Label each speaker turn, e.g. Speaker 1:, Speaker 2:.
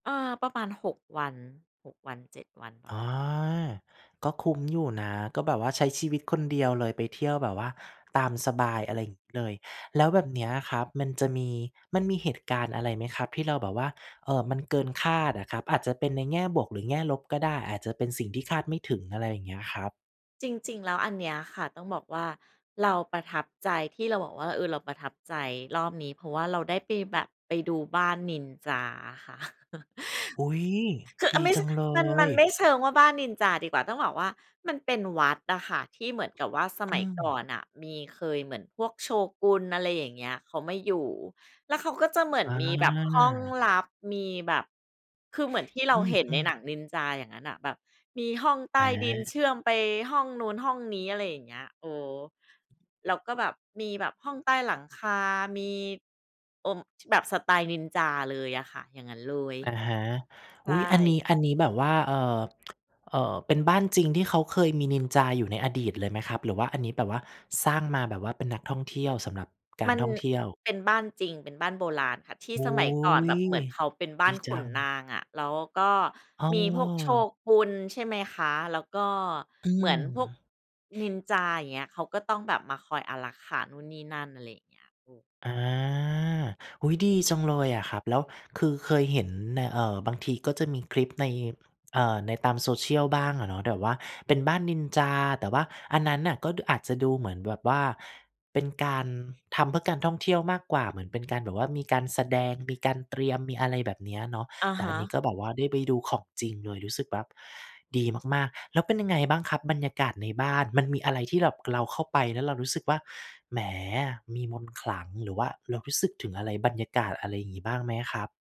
Speaker 1: เออ ประมาณ 6 วัน 6 วัน 7 วัน ปร
Speaker 2: อ
Speaker 1: ะมา
Speaker 2: า
Speaker 1: ณเนี้ย
Speaker 2: ก็คุ้มอยู่นะ ก็แบบว่าใช้ชีวิตคนเดียวเลย ไปเที่ยวแบบว่าตามสบาย อะไรอย่างงี้เลย แล้วแบบนี้อะครับ มันจะมี มันมีเหตุการณ์อะไรไหมครับที่เราแบบว่า เอ่อ มันเกินคาดอะครับ? อาจจะเป็นในแง่บวก หรือแง่ลบก็ได้ อาจจะเป็นสิ่งที่คาดไม่ถึง อะไรอย่างเงี้ยครับ
Speaker 1: จริง ๆ แล้วอันเนี้ยค่ะ ต้องบอกว่าเราประทับใจ ที่เราบอกว่า เอ่อ เราประทับใจรอบนี้ เพราะว่าเราได้ไปแบบ ไปดูบ้านนินจาอะค่ะ
Speaker 2: อุ๊ย! ดีจังเล
Speaker 1: คือ อา ไม่ ช มัน มันไ
Speaker 2: ย
Speaker 1: ม่เชิงว่าบ้านนินจาดีกว่า ต้องบอกว่ามันเป็นวัดอะค่ะ ที่เหมือนกับว่าส
Speaker 2: อ
Speaker 1: ม
Speaker 2: ื
Speaker 1: ัยก่อ
Speaker 2: ม
Speaker 1: นน่ะมี เคย เหมือนพวกโชกุน อะไรอย่างเงี้ย เขามาอยู่ แล้วเขาก็จะเหมือน
Speaker 2: อ
Speaker 1: มีแบบห้อง
Speaker 2: า
Speaker 1: ลับ มีแบบ คือเหมือนที่เ
Speaker 2: อ
Speaker 1: ราเห็น
Speaker 2: ื
Speaker 1: ใน
Speaker 2: ม
Speaker 1: ห
Speaker 2: ๆ
Speaker 1: นังนินจา อย่างงั้นน่ะ แบบมีห้องใต้ดินเชื
Speaker 2: อา
Speaker 1: ่อมไปห้องนู้น ห้องนี้ อะไรอย่างเงี้ย เอ่อ แล้วก็แบบมีแบบห้องใต้หลังคา มี เอ่อ ช แบบสไตล์นินจาเลยอะค่ะ อย่างงั้นเลย
Speaker 2: อะฮะ
Speaker 1: ใช
Speaker 2: อุ๊ย! อันนี
Speaker 1: ่
Speaker 2: ้ อันนี้แบบว่า เอ่อ เอ่อ เป็นบ้านจริงที่เขาเคยมีนินจาอยู่ในอดีตเลยไหมครับ หรือว่าอันนี้แบบว่าสร้างมาแบบว่าเป็นนักท่องเที่ยว สำหรับกา
Speaker 1: ม
Speaker 2: ร
Speaker 1: ัน
Speaker 2: ท่องเที่ยว?
Speaker 1: เป็นบ้านจริง เป็นบ้านโบราณค่ะ ที่
Speaker 2: โอ
Speaker 1: ส
Speaker 2: ้
Speaker 1: มัยก
Speaker 2: โ
Speaker 1: ่อน
Speaker 2: ฮ
Speaker 1: แบบเหมือนเขาเป็นบ้
Speaker 2: ด
Speaker 1: า
Speaker 2: ี
Speaker 1: นข
Speaker 2: จ
Speaker 1: ุ
Speaker 2: ั
Speaker 1: น
Speaker 2: ง
Speaker 1: นางอะ แล้วก็
Speaker 2: อ้
Speaker 1: มีพวกโช
Speaker 2: อ
Speaker 1: กุน ใช่ไหมคะ แล้วก็
Speaker 2: อื
Speaker 1: เหมือนพวก
Speaker 2: ม
Speaker 1: นิน จา อย่างเงี้ย เขาก็ต้องแบบมาคอยอารักขานู่นนี่นั่น อะไรอย่างเงี้ย เออ
Speaker 2: อา อุ๊ย ดีจังเลยอะครับ แล้วคือเคยเห็นใน เอ่อ บางทีก็จะมีคลิปใน เอ่อ ในตาม social บ้างอะเนาะ แต่ว่าเป็นบ้านนินจา แต่ว่าอันนั้นน่ะ ก็ ด อาจจะดูเหมือนแบบว่าเป็นการทำเพื่อการท่องเที่ยวมากกว่า เหมือนเป็นการแบบว่ามีการแสดง มีการเตรียม มีอะไรแบบเนี้ยเนาะ
Speaker 1: อะ
Speaker 2: แต่
Speaker 1: ฮ
Speaker 2: อันนี้
Speaker 1: ะ
Speaker 2: ก็แบบว่าได้ไปดูของจริงเลย รู้สึกว่าดีมาก ๆ แล้วเป็นยังไงบ้างครับบรรยากาศในบ้าน มันมีอะไรที่แบบเราเข้าไปแล้วเรารู้สึกว่า แหม มีมนต์ขลัง หรือว่าเรารู้สึกถึงอะไร บรรยากาศอะไรอย่างงี้ บ้างไหมครับ?